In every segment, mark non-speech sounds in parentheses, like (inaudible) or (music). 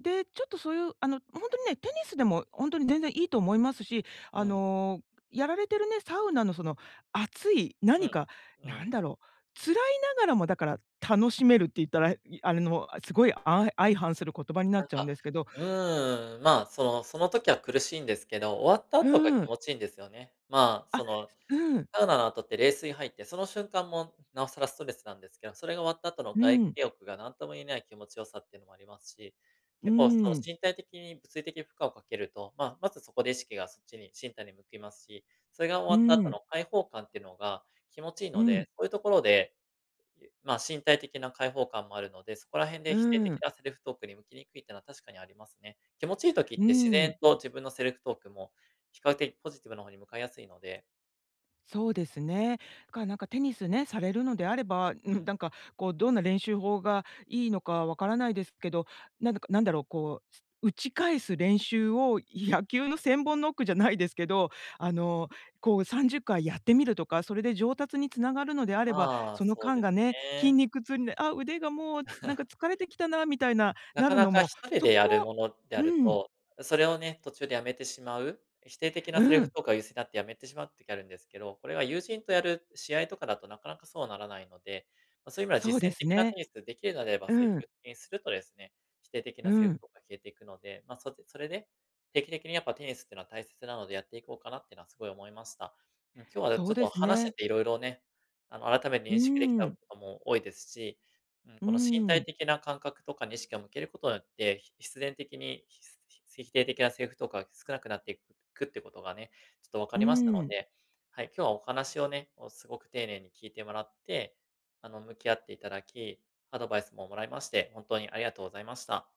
で、ちょっとそういう、あのほんとにね、テニスでもほんとに全然いいと思いますし、あうん。の、やられてるね、サウナのその熱い、う何ん、か、う何ん。だろう、辛いながらも、だから、楽しめるって言ったら、へいあれの、あ、すごいあい相反する言葉になっなんちゃうんか、ですけどうーん、まあ、そのその時は苦しいんですけど、終わった後がう気ん。持ちいんですよね。まあ、あ、その、すうん。サウナの後って冷水入って、その瞬間も、なおさらストレスなんですけど、それが終わった後のう外ん。気浴が何とも言えない気持ち良さってのもありますし、う結構そーの、ん。身体的に物理的負荷をかけると、まあ、まずそこで意識がそっちに身体に向きますし、それが終うわった後ん。の開放感ってのが気持ちいいうのん。で、そういうところで、いえまあ、身体的な解放感もあるので、そこら辺でう否定的ん。なセルフトークに向きにくいってのは確かにありますね。気持ちいい時っうて自然ん。と自分のセルフトークも、比較的ポジティブなの方に向かいやすいのでそうですね。かなんかテニスね、されるのであれば、ううん、ん。だんかこうどんな練習法がいいのか分からないですけど、なんだかなんだろう、こう、す打ち返す練習を野球の千本ノックじゃないですけど、あの、こう30回やってみるとか、それで上達につながるのであれば、まあ、そのそう間ですがね、筋ね。肉痛にで、あ、腕がもうつなんか (chuckles) 疲れてきたなみたいな、ななかるなのかひも、とりそでこやるもものであうるん。と、それをね、途中で辞めてしまう、え否定的なセリうフん。とか優勢になって辞めてしまう時あるんですけど、これは友人とやる試合とかだとなかなかそうはならないので、ま、そういう意味ではそう実で践す的なテね。ニス、できるのであれば積うん。極的にするとですね、否定的うなセリフん。とか消えていくので、まあ、そうでそれで、定期的にやっぱテニスっていうのは大切なのでやっていこうかなっていうのはすごい思いました。うん、今日あ、だそちうょっでとす話してね。て色々ね、あの、改めてう認識できーたこん。とも多いですし、うん、うーこの身体ん。的な感覚とかに意識を向けることによって、ひ必然的に、ひすひつ否定的なセリフとか少なくなっていくくっていうことがね、ちょっと分かうーりましたのん。で、はい、今日はお話をね、もうすごく丁寧に聞いてもらって、あの、向き合っていただき、アドバイスも貰いまして本当にありがとうございました。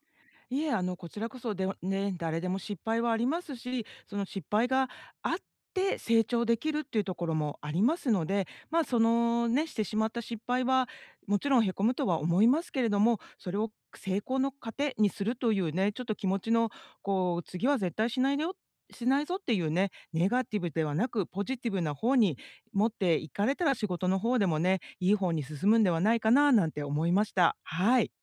いえ、あのこちらこそではね、誰でも失敗はありますし、その失敗があって成長できるっていうところもありますので、まあ、そのね、してしまった失敗は、もちろんへこむとは思いますけれども、それを、く成功の糧にするというね、ちょっと気持ちの、「こう次は絶対しないでよしないぞ」っていうね、ネガティブではなく、ポジティブな方に持っていかれたら仕事の方でもね、いい方に進むんではないかななんて思いました。はい。